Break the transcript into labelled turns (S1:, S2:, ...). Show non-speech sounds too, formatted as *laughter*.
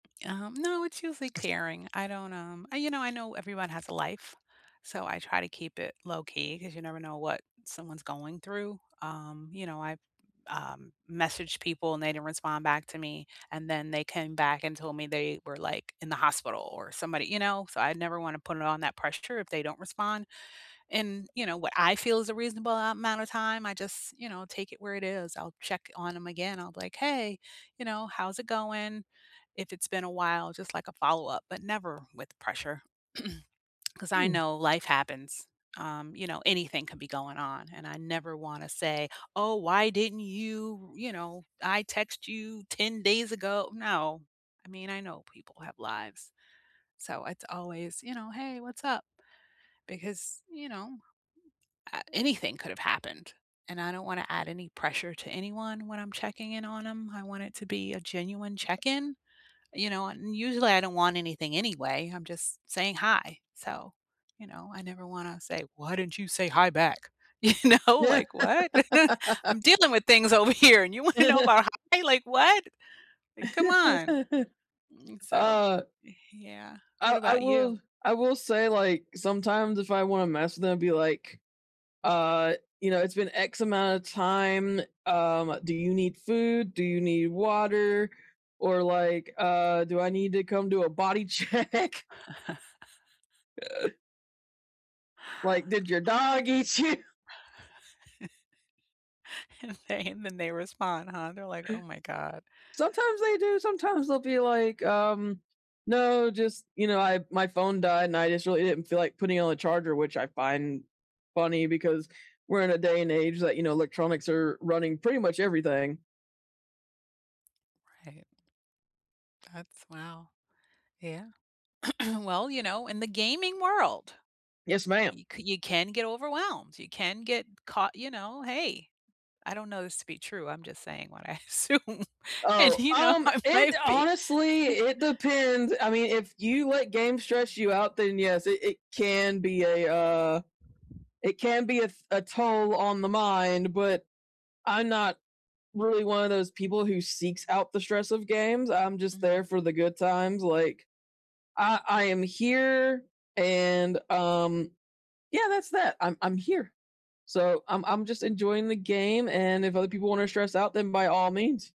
S1: Um, no it's usually tearing. I don't, um, I you know, I know everyone has a life, so I try to keep it low key 'cause you never know what someone's going through. Um, you know, I've, um, messaged people and they didn't respond back to me, and then they came back and told me they were, like, in the hospital or somebody you know, so I never wanna put it on that pressure if they don't respond. And, you know, what I feel is a reasonable a amount of time, I just, you know, take it where it is, I'll check on 'em again, I'll be like, "Hey, you know, how's it going?" If it's been a while, just like a follow-up, but never with pressure, *clears throat* 'cause I
S2: Mm.
S1: know life happens. Um, you know, anything can be going on and I never wanna say, "Oh, why didn't you" you know, "I text you 10 days ago." No. I mean, I know people have lives, so, it's always, you know, "Hey, what's up?" Because, you know, a anything could've happened, and I don't want to add any pressure to anyone when I'm checking in on 'em. I want it to be a genuine check-in, you know, and usually I don't want anything anyway I'm just saying hi, so, you know, I never wanna say, "Why didn't you say hi back?" You know, like, "What?" *laughs*
S2: *laughs*
S1: "I'm dealing with things over here and you wanna know
S2: *chuckles*
S1: about why? Like, what? Like, come on."
S2: *laughs*
S1: So,
S2: Ah.
S1: y-yeah,
S2: I
S1: what
S2: I
S1: about you?
S2: will I will say, like, sometimes if I wanna mess with them, it'd be like, uh, "You know, it's been X amount of time, um, do you need food? Do you need water, or, like, uh, do I need to come do a body check?"
S1: *chuckles*
S2: Like, "Did your dog eat you?"
S1: *laughs* And, they and then they respond, "Huh?" they're like, "Oh my god."
S2: Sometimes they do, sometimes they'll be like, um, "No, just, you know, I my phone died, and I just really didn't feel like putting it on a charger," which I find funny because we're in a day and age that, you know, electronics are running pretty much everything.
S1: Right. That's wow. Yeah. *clears throat* Well, you know, in the gaming world,
S2: Yes, ma'am.
S1: you c you can get overwhelmed, you can get caught you know, hey, I don't know this to be true, I'm just saying what I assume, and,
S2: Oh,
S1: you know,
S2: um,
S1: I
S2: it
S1: might be.
S2: honestly
S1: *chuckles*
S2: it depends. I mean, if you let games stress you out, then, yes, it it can be a, uh it can be a f a toll on the mind, but I'm not really one of those people who seeks out the stress of games. I'm just there
S1: Mm.
S2: for the good times, like, I I am here, and, um yeah, that's that. I'm I'm here, so, I'm I'm just enjoying the game, and if other people wanna stress out, then by all means.